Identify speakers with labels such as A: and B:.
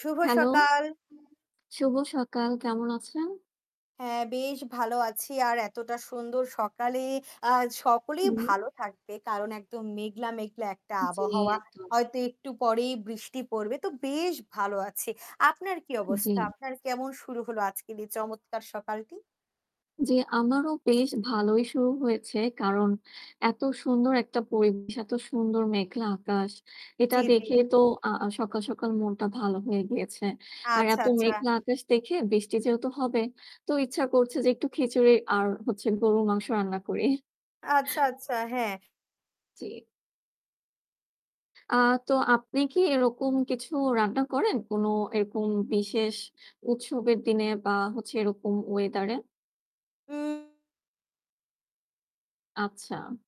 A: শুভ
B: hello.
A: সকাল।
B: শুভ সকাল, কেমন আছেন?
A: হ্যাঁ বেশ ভালো আছি আর এতটা সুন্দর সকালে আ সকলেই
B: হুম।
A: ভালো থাকবে কারণ একদম মেঘলা, মেঘলা একটা
B: জ্বি,
A: আবহাওয়া
B: একদম।
A: হয়তো একটু পরেই বৃষ্টি পড়বে তো বেশ ভালো আছি। আপনার কি
B: জ্বি।
A: অবস্থা আপনার কেমন শুরু হল আজকে দিয়ে চমৎকার সকালটি?
B: জ্বি, আমারও বেশ ভালোই শুরু হয়েছে। কারণ এত সুন্দর একটা পরিবেশ এত সুন্দর মেঘলা আকাশ। এটা
A: জ্বী জ্বী।
B: দেখে তো সকাল সকাল মনটা ভালো হয়ে গিয়েছে। আর
A: আচ্ছা
B: এত
A: আচ্ছা।
B: মেঘলা আকাশ দেখে বৃষ্টি যেহেতু হবে তো ইচ্ছা করছে যে একটু খিচুড়ি আর হচ্ছে গরুর মাংস রান্না করি।
A: আচ্ছা আচ্ছা, হ্যাঁ।
B: জ্বি। আ তো আপনি কি এরকম কিছু রান্না করেন? কোন এরকম বিশেষ উৎসবের দিনে বা হচ্ছে এরকম weather এ?
A: উম।
B: আচ্ছা।